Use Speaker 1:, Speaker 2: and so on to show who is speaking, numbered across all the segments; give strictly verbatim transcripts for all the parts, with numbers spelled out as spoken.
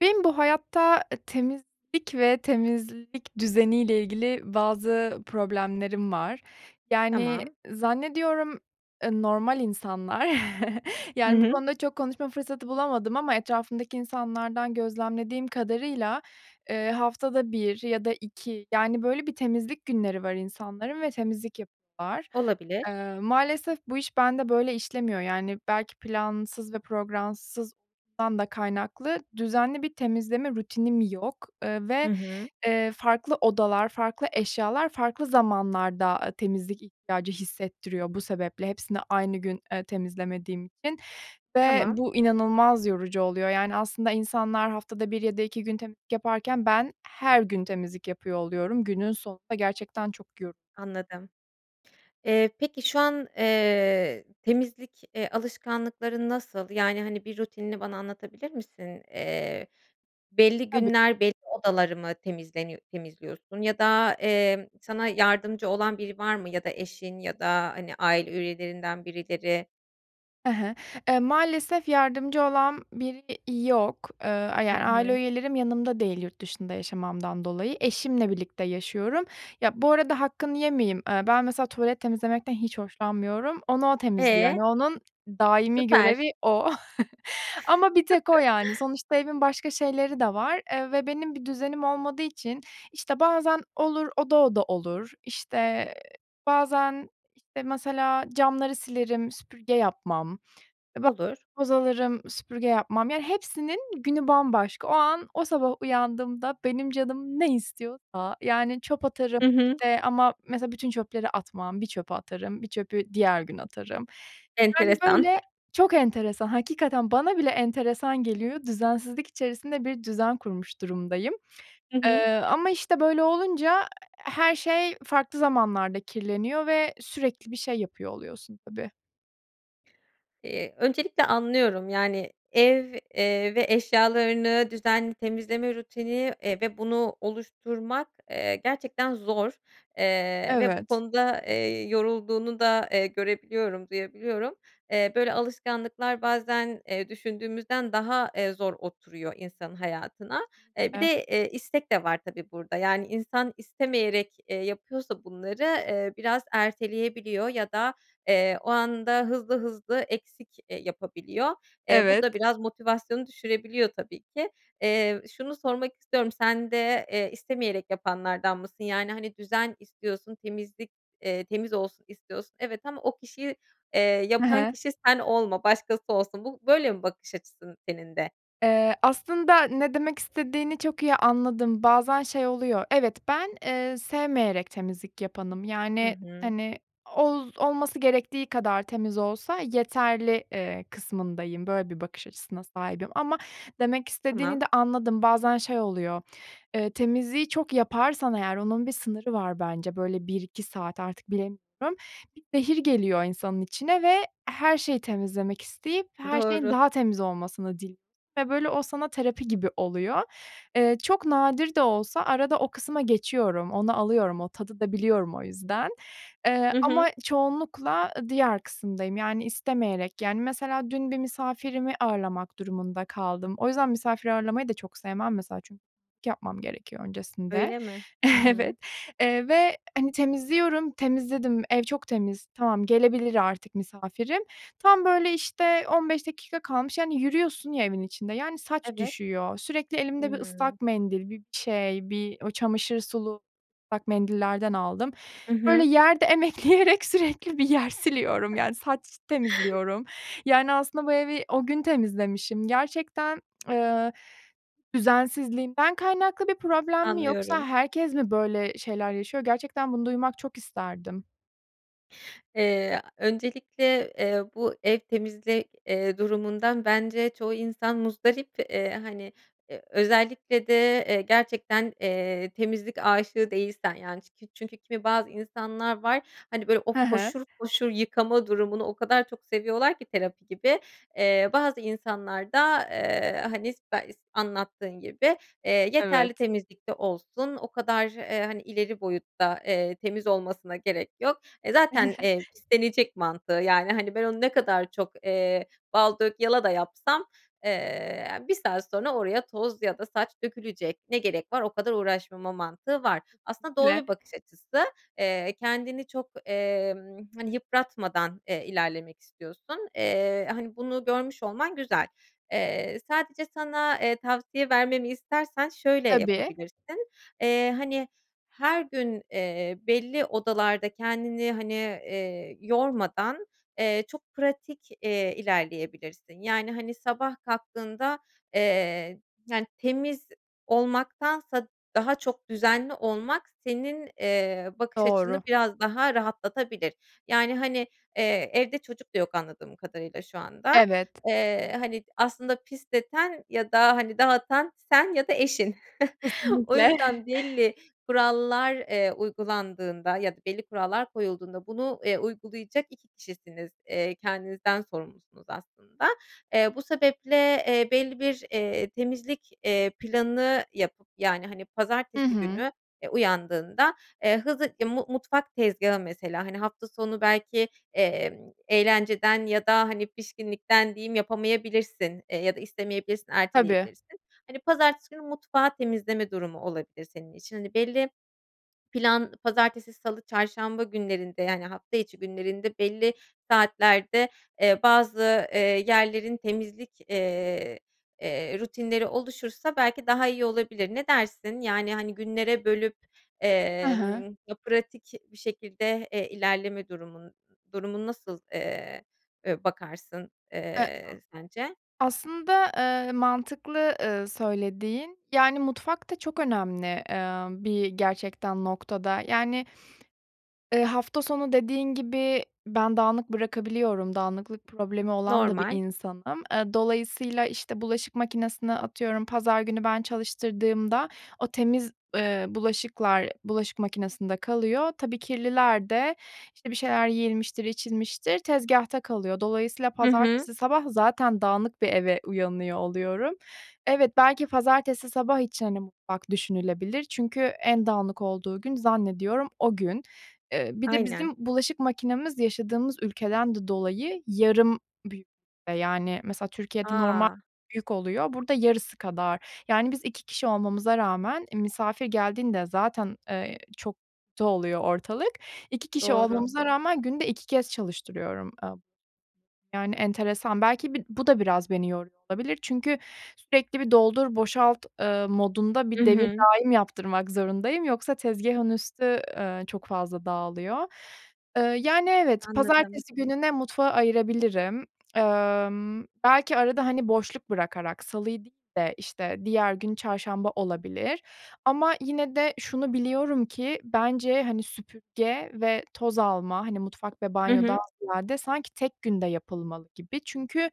Speaker 1: Benim bu hayatta temizlik ve temizlik düzeniyle ilgili bazı problemlerim var. Yani,
Speaker 2: Tamam.
Speaker 1: zannediyorum, eee, normal insanlar,
Speaker 2: Hı
Speaker 1: yani, bu
Speaker 2: hı.
Speaker 1: konuda çok konuşma fırsatı bulamadım ama etrafımdaki insanlardan gözlemlediğim kadarıyla, eee, haftada bir ya da iki yani böyle bir temizlik günleri var insanların ve temizlik yap lar.
Speaker 2: Olabilir.
Speaker 1: Eee, maalesef bu iş bende böyle işlemiyor yani belki plansız ve programsız dan da kaynaklı düzenli bir temizleme rutinim yok, eee,
Speaker 2: Hı
Speaker 1: ve,
Speaker 2: hı.
Speaker 1: eee, farklı odalar, farklı eşyalar farklı zamanlarda, aaa, temizlik ihtiyacı hissettiriyor bu sebeple, hepsini aynı gün, eee, temizlemediğim için. Ve
Speaker 2: Tamam.
Speaker 1: bu inanılmaz yorucu oluyor yani aslında insanlar haftada bir ya da iki gün temizlik yaparken ben her gün temizlik yapıyor oluyorum. Günün sonunda gerçekten çok yoru
Speaker 2: Anladım. Eee, peki şu an, eee, temizlik, eee, alışkanlıkların nasıl? Yani hani bir rutinini bana anlatabilir misin? Eee, belli
Speaker 1: Tabii.
Speaker 2: günler belli odaları mı temizleniyo temizliyorsun ya da, emm, sana yardımcı olan biri var mı ya da eşin ya da, hani, aile üyelerinden birileri?
Speaker 1: E, he. Eee, maalesef yardımcı olan biri yok. Eee,
Speaker 2: Hı
Speaker 1: yani, aile
Speaker 2: hı.
Speaker 1: üyelerim yanımda değil yurt dışında yaşamamdan dolayı. Eşimle birlikte yaşıyorum. Ya, bu arada hakkını yemeyeyim, eee, ben mesela tuvalet temizlemekten hiç hoşlanmıyorum, onu o temizliyor.
Speaker 2: E?
Speaker 1: Hani, onun daimî
Speaker 2: Süper.
Speaker 1: görevi o ama bir tek o, yani. Sonuçta evin başka şeyleri de var, eee, ve benim bir düzenim olmadığı için, işte, bazen olur, oda oda olur. İşte, eee, bazen işte, mesela camları silerim, süpürge yapmam. Eee, [unintelligible]
Speaker 2: Olur.
Speaker 1: toz alırım, süpürge yapmam. Yani, hepsinin günü bambaşka. O an, o sabah uyandığımda benim canım ne istiyorsa, yani, çöp atarım,
Speaker 2: I hı.
Speaker 1: işte, ama mesela bütün çöpleri atmam. Bir çöpü atarım, bir çöpü diğer gün atarım. Yani,
Speaker 2: Enteresan.
Speaker 1: böyle çok enteresan, hakikaten bana bile enteresan geliyor. Düzensizlik içerisinde bir düzen kurmuş durumdayım,
Speaker 2: I hı.
Speaker 1: eee, ama, işte, böyle olunca her şey farklı zamanlarda kirleniyor ve sürekli bir şey yapıyor oluyorsun tabii.
Speaker 2: Eee, öncelikle anlıyorum. Yani, ev, eee, ve eşyalarını düzenli temizleme rutini, eee, ve bunu oluşturmak, eee, gerçekten zor, eee, ve bu
Speaker 1: Evet.
Speaker 2: konuda, eee, yorulduğunu da, eee, görebiliyorum, duyabiliyorum. Eee, böyle alışkanlıklar bazen, eee, düşündüğümüzden daha, eee, zor oturuyor insanın hayatına. Eee, bir
Speaker 1: [unintelligible]
Speaker 2: de, eee, istek de var tabii burada. Yani, insan istemeyerek, eee, yapıyorsa bunları, eee, biraz erteleyebiliyor ya da, eee, o anda hızlı hızlı eksik, eee, yapabiliyor. Eee, bu
Speaker 1: Evet.
Speaker 2: da biraz motivasyonu düşürebiliyor tabii ki. Eee, şunu sormak istiyorum, sen de, eee, istemeyerek yapanlardan mısın? Yani, hani, düzen istiyorsun, temizlik eee, temiz olsun istiyorsun, evet ama o kişi, eee,
Speaker 1: He
Speaker 2: yapan
Speaker 1: he.
Speaker 2: kişi sen olma, başkası olsun. Bu böyle mi bakış açısı senin de?
Speaker 1: Iıı, aslında ne demek istediğini çok iyi anladım. Bazen, şey, oluyor, evet, ben, ııı, sevmeyerek temizlik yapanım.
Speaker 2: Hı
Speaker 1: Yani,
Speaker 2: hı.
Speaker 1: hani, ol olması gerektiği kadar temiz olsa yeterli, ııı, kısmındayım, böyle bir bakış açısına sahibim ama demek istediğini
Speaker 2: Tamam.
Speaker 1: de anladım. Bazen, şey, oluyor, ııı, temizliği çok yaparsan eğer onun bir sınırı var bence, böyle, bir iki saat artık bilemiyorum, bir zehir geliyor insanın içine ve her şeyi temizlemek isteyip her şeyin
Speaker 2: Doğru.
Speaker 1: daha temiz olmasını dil ve, böyle, o sana terapi gibi oluyor. Iıı, çok nadir de olsa arada o kısma geçiyorum, onu alıyorum. O tadı da biliyorum o yüzden, ııı,
Speaker 2: Hı
Speaker 1: ama
Speaker 2: hı.
Speaker 1: çoğunlukla diğer kısımdayım, yani, istemeyerek. Yani, mesela dün bir misafirimi ağırlamak durumunda kaldım. O yüzden misafir ağırlamayı da çok sevmem mesela [unintelligible] yapmam gerekiyor öncesinde.
Speaker 2: Öyle mi? Hı
Speaker 1: Evet,
Speaker 2: hı.
Speaker 1: eee, ve, hani, temizliyorum, temizledim. Ev çok temiz, tamam, gelebilir artık misafirim. Tam böyle, işte, on beş dakika kalmış, yani, yürüyorsun ya evin içinde, yani, saç
Speaker 2: Evet.
Speaker 1: düşüyor. Sürekli elimde bir
Speaker 2: Hıı.
Speaker 1: ıslak mendil, bir bir şey, bir o çamaşır sulu ıslak mendillerden aldım.
Speaker 2: I
Speaker 1: Böyle
Speaker 2: hı.
Speaker 1: yerde emekleyerek sürekli bir yer siliyorum, yani, saç temizliyorum. Yani, aslında bu evi o gün temizlemişim. Gerçekten, ııı, düzensizliğimden kaynaklı bir problem mi yoksa
Speaker 2: Anlıyorum.
Speaker 1: herkes mi böyle şeyler yaşıyor gerçekten bunu duymak çok isterdim.
Speaker 2: Eee, öncelikle, eee, bu ev temizle eee, durumundan bence çoğu insan muzdarip. Eee, hani, e özellikle de, eee, gerçekten, eee, temizlik aşığı değilsen, yani, ç ki çünkü kimi bazı insanlar var, hani, böyle o
Speaker 1: Hı hı.
Speaker 2: foşur foşur yıkama durumunu o kadar çok seviyorlar ki terapi gibi, eee, bazı insanlar da, eee, hani, [unintelligible] anlattığın gibi, eee, "Yeterli
Speaker 1: Evet.
Speaker 2: temizlikte olsun. O kadar, eee, hani, ileri boyutta, eee, temiz olmasına gerek yok. E, zaten, eee, pislenecek." mantığı. Yani, hani, "Ben onu ne kadar çok, eee, bal dök yala da yapsam, eee, ya bir saat sonra oraya toz ya da saç dökülecek. Ne gerek var o kadar uğraşmama?" mantığı var. Aslında doğru
Speaker 1: Kesinlikle.
Speaker 2: bir bakış açısı. Eee, kendini çok, ımm, hani, yıpratmadan, eee, ilerlemek istiyorsun. Eee, hani, bunu görmüş olman güzel. Eee, sadece sana, eee, tavsiye vermemi istersen şöyle
Speaker 1: Tabii.
Speaker 2: yapabilirsin. Eee, hani, her gün, eee, belli odalarda kendini, hani, eee, yormadan, eee, çok pratik, eee, ilerleyebilirsin. Yani, hani, sabah kalktığında, eee, yani, temiz olmaktansa daha çok düzenli olmak senin, eee, bakış
Speaker 1: Doğru.
Speaker 2: açını biraz daha rahatlatabilir. Yani, hani, eee, evde çocuk da yok anladığım kadarıyla şu anda.
Speaker 1: Evet.
Speaker 2: Eee, hani, aslında pisleten ya da, hani, dağıtan sen ya da eşin. O
Speaker 1: Kesinlikle.
Speaker 2: yüzden belli kurallar, eee, uygulandığında ya da belli kurallar koyulduğunda bunu, eee, uygulayacak iki kişisiniz. Eee, kendinizden sorumlusunuz aslında. Eee, bu sebeple, eee, belli bir, eee, temizlik, eee, planı yapıp yani, hani,
Speaker 1: I
Speaker 2: pazartesi
Speaker 1: hı.
Speaker 2: günü, eee, uyandığında, eee, hızlıca mu muttfak tezgâhı mesela, hani, hafta sonu belki, emm, eğlenceden ya da, hani, pişkinlikten diyeyim yapamayabilirsin, eee, ya da istemeyebilirsin,
Speaker 1: Tabii.
Speaker 2: erteleyebilirsin. Hani, pazartesi günü mutfağı temizleme durumu olabilir senin için. Hani, belli plan pazartesi, salı, çarşamba günlerinde yani hafta içi günlerinde belli saatlerde, eee, bazı, eee, yerlerin temizlik, eee, eee, rutinleri oluşursa belki daha iyi olabilir. Ne dersin? Yani, hani, günlere bölüp,
Speaker 1: Hı hı.
Speaker 2: emm, ya pratik bir şekilde, eee, ilerleme durumun durumun nasıl, eee, bakarsın, eee, sence?
Speaker 1: Aslında, eee, mantıklı, eee, söylediğin, yani, mutfak da çok önemli, eee, bir gerçekten noktada, yani, ııı, hafta sonu dediğin gibi ben dağınık bırakabiliyorum, dağınıklık problemi olan da bir
Speaker 2: Normal.
Speaker 1: insanım. Iıı, dolayısıyla, işte, bulaşık makinesini atıyorum pazar günü ben çalıştırdığımda o temiz, ııı, bulaşıklar bulaşık makinesinde kalıyor. Tabii kirliler de, işte, bir şeyler yenilmiştir, içilmiştir, tezgâhta kalıyor. Dolayısıyla
Speaker 2: Hı hı.
Speaker 1: pazartesi sabah zaten dağınık bir eve uyanıyor oluyorum. Evet, belki pazartesi sabah için, hani, mutfak düşünülebilir çünkü en dağınık olduğu gün zannediyorum o gün. Iıı, bir de
Speaker 2: Aynen.
Speaker 1: bizim bulaşık makinemiz yaşadığımız ülkeden de dolayı yarım büyük yani mesela Türkiye'de normal
Speaker 2: A!
Speaker 1: büyük oluyor, burada yarısı kadar yani biz iki kişi olmamıza rağmen, e, misafir geldiğinde zaten, eee, çok kötü oluyor ortalık, iki kişi
Speaker 2: Doğru.
Speaker 1: olmamıza rağmen günde iki kez çalıştırıyorum yani enteresan. Belki b bu da biraz beni yoruyor olabilir çünkü sürekli bir doldur boşalt, ııı, modunda
Speaker 2: Hı
Speaker 1: bir
Speaker 2: hı.
Speaker 1: devridaim yaptırmak zorundayım yoksa tezgâhın üstü, ııı, çok fazla dağılıyor. Eee, yani evet,
Speaker 2: Anladım.
Speaker 1: pazartesi gününe mutfağı ayırabilirim. Imm, belki arada, hani, boşluk bırakarak, salıyı değil de, işte, diğer gün çarşamba olabilir ama yine de şunu biliyorum ki bence, hani, süpürge ve toz alma, hani, mutfak ve
Speaker 2: Hı
Speaker 1: banyodan
Speaker 2: hı.
Speaker 1: ziyade sanki tek günde yapılmalı gibi çünkü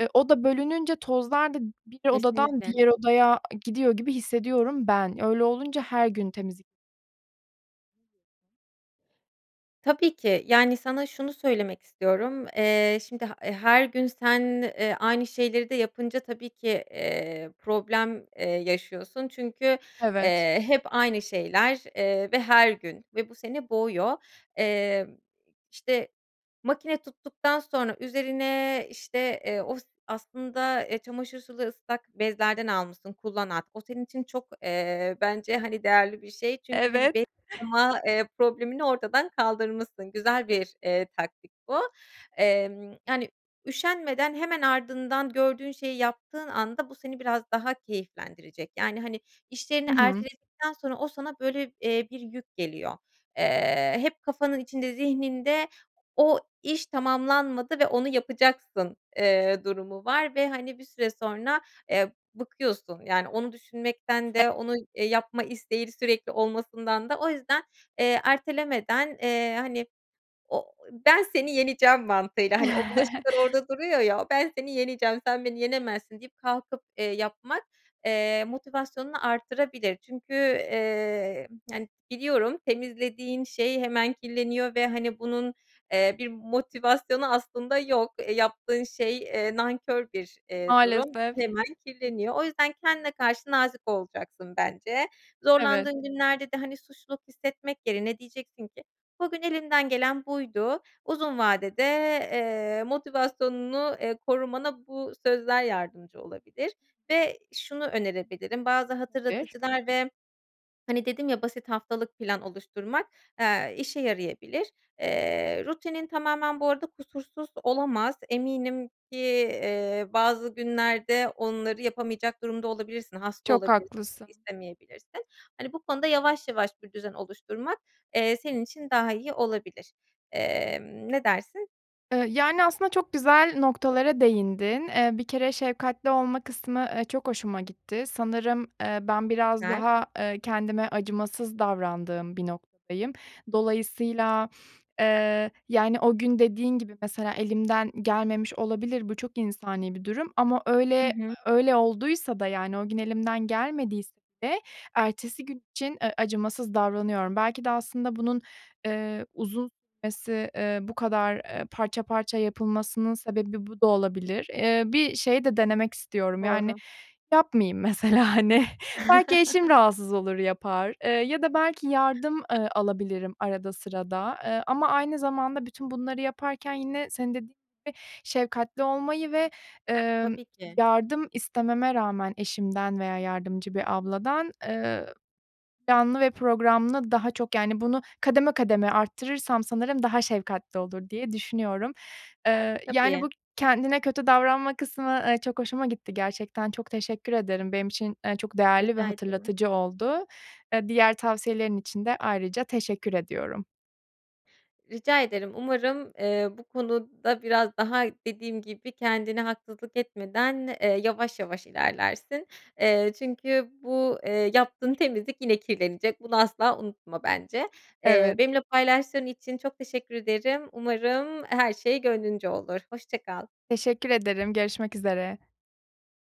Speaker 1: e, o da bölününce tozlar da bir odadan
Speaker 2: Kesinlikle.
Speaker 1: diğer odaya gidiyor gibi hissediyorum ben. Öyle olunca her gün temizlik
Speaker 2: Tabii ki. Yani, sana şunu söylemek istiyorum. Eee, şimdi ha her gün sen, eee, aynı şeyleri de yapınca tabii ki, eee, problem, eee, yaşıyorsun. Çünkü,
Speaker 1: Evet.
Speaker 2: eee, hep aynı şeyler, eee, ve her gün ve bu seni boğuyor. Eee, işte, makine tuttuktan sonra üzerine, işte, eee, os aslında, eee, çamaşır sulu ıslak bezlerden almışsın, kullan at. O senin için çok, eee, bence, hani, değerli bir şey. Çünkü, hani,
Speaker 1: Evet.
Speaker 2: bez yıkama, eee, problemini ortadan kaldırmışsın. Güzel bir, eee, taktik bu. Emm, yani, üşenmeden hemen ardından gördüğün şeyi yaptığın anda bu seni biraz daha keyiflendirecek. Yani, hani, işlerini
Speaker 1: Hı hı.
Speaker 2: erteledikten sonra o sana, böyle, eee, bir yük geliyor. Eee, hep kafanın içinde, zihninde o iş tamamlanmadı ve onu yapacaksın, eee, durumu var ve, hani, bir süre sonra, eee, bıkıyorsun. Yani, onu düşünmekten
Speaker 1: [unintelligible]
Speaker 2: de, onu, eee, yapma isteği sürekli olmasından da o yüzden, eee, ertelemeden, eee, hani, o ben seni yeneceğim mantığıyla, hani, o bulaşıklar orada duruyor ya, "Ben seni yeneceğim, sen beni yenemezsin." deyip kalkıp, eee, yapmak, eee, motivasyonunu artırabilir. Çünkü, eee, yani, biliyorum, temizlediğin şey hemen kirleniyor ve, hani, bunun, eee, bir motivasyonu aslında yok. E, yaptığın şey, eee, nankör bir, eee, durum.
Speaker 1: Maalesef.
Speaker 2: Hemen kirleniyor. O yüzden kendine karşı nazik olacaksın bence.
Speaker 1: Evet.
Speaker 2: Zorlandığın günlerde de, hani, suçluluk hissetmek yerine diyeceksin ki, "Bugün elimden gelen buydu." Uzun vadede, eee, motivasyonunu, eee, korumana bu sözler yardımcı olabilir ve şunu önerebilirim, bazı
Speaker 1: [unintelligible]
Speaker 2: hatırlatıcılar ve, hani, dedim ya, basit haftalık plan oluşturmak, ııı, işe yarayabilir. Eee, rutinin tamamen bu arada kusursuz olamaz. Eminim ki, iii, bazı günlerde onları yapamayacak durumda olabilirsin. Hasta
Speaker 1: Çok
Speaker 2: olabilirsin,
Speaker 1: haklısın.
Speaker 2: istemeyebilirsin. Hani, bu konuda yavaş yavaş bir düzen oluşturmak, eee, senin için daha iyi olabilir. Emm, ne dersin?
Speaker 1: Iıı, yani, aslında çok güzel noktalara değindin. Eee, bir kere şefkatli olma kısmı, ııı, çok hoşuma gitti. Sanırım, eee, ben biraz
Speaker 2: Süper.
Speaker 1: daha, eee, kendime acımasız davrandığım bir noktadayım. Dolayısıyla eee, yani, o gün dediğin gibi mesela elimden gelmemiş olabilir, bu çok insani bir durum ama
Speaker 2: Hı
Speaker 1: öyle
Speaker 2: hı.
Speaker 1: öyle olduysa da, yani, o gün elimden gelmediyse [unintelligible] ertesi gün için, ııı, acımasız davranıyorum. Belki de aslında bunun, ııı, uzun sürmesi, eee, bu kadar, eee, parça parça yapılmasının sebebi bu da olabilir. Iıı, bir şey de denemek istiyorum. Yani,
Speaker 2: Doğru.
Speaker 1: yapmayayım mesela, hani, belki eşim rahatsız olur yapar, ııı, ya da belki yardım, ııı, alabilirim arada sırada, ııı, ama aynı zamanda bütün bunları yaparken yine senin de dediğin gibi şefkatli olmayı ve, ımm
Speaker 2: Tabii ki.
Speaker 1: yardım istememe rağmen eşimden veya yardımcı bir abladan, ııı, planlı ve programlı daha çok, yani, bunu kademe kademe arttırırsam sanırım daha şefkatli olur diye düşünüyorum. Iıı, yani,
Speaker 2: Tabii.
Speaker 1: bu kendine kötü davranma kısmı, ııı, çok hoşuma gitti gerçekten, çok teşekkür ederim. Benim için, ııı, çok değerli ve
Speaker 2: Rica ederim.
Speaker 1: hatırlatıcı oldu. Iıı, diğer tavsiyelerin için de ayrıca teşekkür ediyorum.
Speaker 2: Rica ederim. Umarım, eee, bu konuda biraz daha dediğim gibi kendine haksızlık etmeden, eee, yavaş yavaş ilerlersin. Eee, çünkü bu, eee, yaptığın temizlik yine kirlenecek. Bunu asla unutma bence. Eee,
Speaker 1: Evet.
Speaker 2: benimle paylaştığın için çok teşekkür ederim. Umarım her şey gönlünce olur. Hoşça kal.
Speaker 1: Teşekkür ederim. Görüşmek üzere.